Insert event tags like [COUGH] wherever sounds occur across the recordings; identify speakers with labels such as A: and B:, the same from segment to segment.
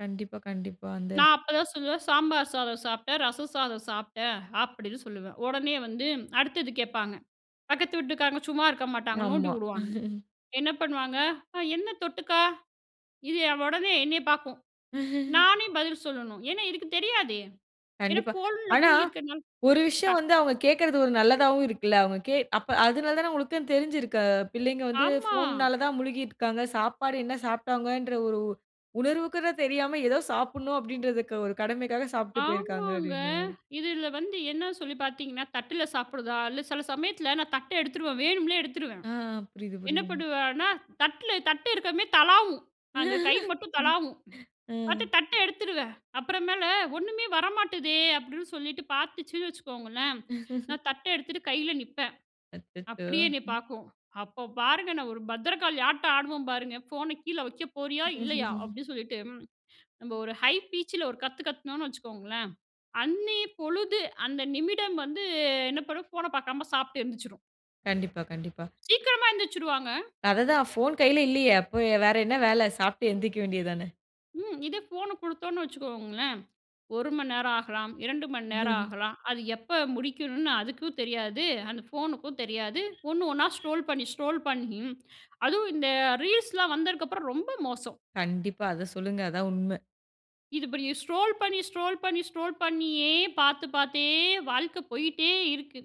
A: கண்டிப்பா, கண்டிப்பா. அந்த
B: நான் அப்போதான் சொல்லுவேன், "சாம்பார் சாதம் சாப்பிட்டேன், ரசம் சாதம் சாப்பிட்டேன், அப்படின்னு சொல்லுவேன்," உடனே வந்து அடுத்தது கேட்பாங்க, பக்கத்து வீட்டுக்காரங்க சும்மா இருக்க மாட்டாங்க நோண்டி
A: ஆமா.
B: விடுவாங்க,
A: [CHUCKLES]
B: என்ன பண்ணுவாங்க? அ "என்ன தொட்டுக்கா?" இது உடனே என்னைய பாக்கும்,
A: [CHUCKLES]
B: நானே பதில் சொல்லணும், ஏன்னா இதுக்கு தெரியாது, ஏன்னா
A: கண்டிப்பா,
B: ஃபோன்ல
A: ஆனா
B: மூழ்கியிருக்கிறதுனால
A: ஒரு விஷயம்
B: டக்
A: வந்து அவங்க கேட்கிறது ஒரு நல்லதாவும் இருக்குல்ல, அவுங்க கே அது அப்ப அதனால தானே உங்களுக்கு தெரிஞ்சிருக்கு, பிள்ளைங்க வந்து
B: ஆமா.
A: ஃபோன்னால தான் முழுகி இருக்கிறாங்க, சாப்பாடு என்ன சாப்பிட்டாங்கன்ற ஒரு உ உணர்வுக்கூட தெரியாம, ஏதோ சாப்பிடனும் அப்படின்றத ஒரு க கடமைக்கா சாப்பிட்டு போயிருக்காங்க.
B: ஆமாங்க.
A: அப்பிடின்ற மாரி.
B: இதில வந்து என்ன சொல்லி பாத்தீங்கன்னா, தட்ல சாப்பிடுதா இல்ல, சில சமயத்தில நான் தட்ட எடுத்துருவேன், வேணும்னே எடுத்துருவேன்.
A: ஆ புரிது,
B: என்ன
A: புரிது.
B: பண்ணுவேன்னா, தட்ல தட்ட இருக்குறமே தளாவும், அங்க கை
A: [LAUGHS]
B: மட்டும் தளாவும், பாத்து
A: ம்.
B: தட்ட எடுத்துருவேன். அப்புறம் மேல ஒண்ணுமே வர மாட்டுதே. அப்பிடின்னு சொல்லிட்டு, பாத்துச்சுன்னு வச்சுக்கோங்களேன்,
A: [CHUCKLES]
B: நான் தட்ட எடுத்துட்டு கையில நிப்பேன்.
A: அச்சச்சோ!
B: அப்படியே என்னை
A: ம்.
B: பாக்கும், அப்போ பாருங்க. நான் ஒரு பத்ரகாளி ஆட்டம் ஆடுவேன். பாருங்க, ஃபோன கீழ வைக்க போறியா? இல்லயா?
A: [CHUCKLES]
B: அப்பிடின்னு சொல்லிட்டு, நம்ம ஒரு ஹை பீச் ல ஒரு கத்து கத்துனோனு வச்சுக்கோங்களேன், அன்னய பொழுது அந்த நிமிடம் வந்து, என்ன பண்ணும்? ஃபோன பாக்காம சாப்பிட்டு எந்திரிச்சுரும்.
A: கண்டிப்பா, கண்டிப்பா.
B: சீக்கிரமா எந்திரிச்சுருவாங்க.
A: அதுதான் போன் கைல இல்லயே, அப்போ வேற என்ன வேல? சாப்பிட்டு எந்திரிக்க வேண்டியது தான?
B: ம் இதே ஃபோன் கொடுத்தோன்னு வச்சுக்கோங்களேன், 1 மணிநேரம் ஆகலாம், 2 மணிநேரம்
A: [CHUCKLES]
B: ஆகலாம், அது எப்போ முடிக்கணும்னு அதுக்கும் தெரியாது, அந்த ஃபோனுக்கும் தெரியாது, ஒண்ணு ஒண்ணா ஸ்க்ரோல் பண்ணி, ஸ்க்ரோல் பண்ணி, அதுவும் இந்த ரீல்ஸ்லாம் வந்ததுக்கு அப்புறம் ரொம்ப மோசம்.
A: கண்டிப்பா, அத சொல்லுங்க, அதான் உண்மை.
B: இது இப்ப ஸ்க்ரோல் பண்ணி, ஸ்க்ரோல் பண்ணி, ஸ்க்ரோல் பண்ணியே பார்த்து, பார்த்தே வாழ்க்க போயிட்டே இருக்கு.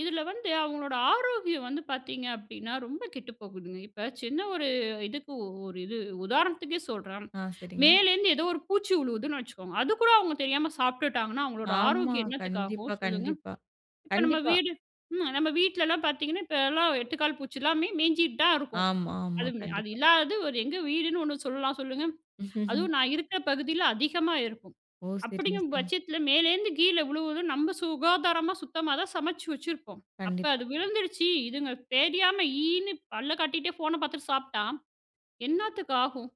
B: இதில வந்து அவங்களோட ஆரோக்கியம் வந்து பாத்தீங்க அப்டீன்னா, ரொம்ப கெட்டு போகுதுங்க. இப்ப சின்ன ஒரு இதுக்கு ஒரு இது உதாரணத்துக்கே சொல்றேன்,
A: ஆ சரிங்க.
B: மேலேருந்து ஏதோ ஒரு பூச்சி விழுவுதுன்னு வச்சுக்கோங்க, அதுக்கூட அவங்க தெரியாம சாப்பிட்டுட்டாங்கன்னா அவங்களோட
A: ஆமா.
B: ஆரோக்கியம் என்னத்துக்கு ஆகும்?
A: கண்டிப்பா,
B: சொல்லுங்க,
A: கண்டிப்பா,
B: இப்போ நம்ம
A: கண்டிப்பா.
B: வீடு, ம் நம்ம வீட்லலாம் பாத்தீங்கன்னா, இப்போலாம் 8 கால் பூச்சி எல்லாமே மேஞ்சிட்டு தான் இருக்கும்,
A: ஆமாம்மா
B: அது, அது
A: கண்டிப்பா.
B: இல்லாதது ஒரு எங்க வீடுன்னு ஒண்ணு சொல்லலாம், சொல்லுங்க?
A: [CHUCKLES]
B: அதுவும் நான் இருக்கிற பகுதியில அதிகமா இருக்கும்.
A: ஓ! சரிங்க,
B: அப்பிடிங்கிற
A: சரிங்க.
B: பட்சத்தில மேலேருந்து கீழே விழுவதும், நம்ம சுகாதாரமா சுத்தமா தான் சமைச்சி வச்சிருப்போம், அப்ப
A: கண்டிப்பா.
B: அது விழுந்துடுச்சு இதுங்க தெரியாம ஈன்னு பல்ல காட்டிகிட்டே, ஃபோன பாத்துட்டு சாப்பிட்டா, என்னத்துக்கு ஆகும்?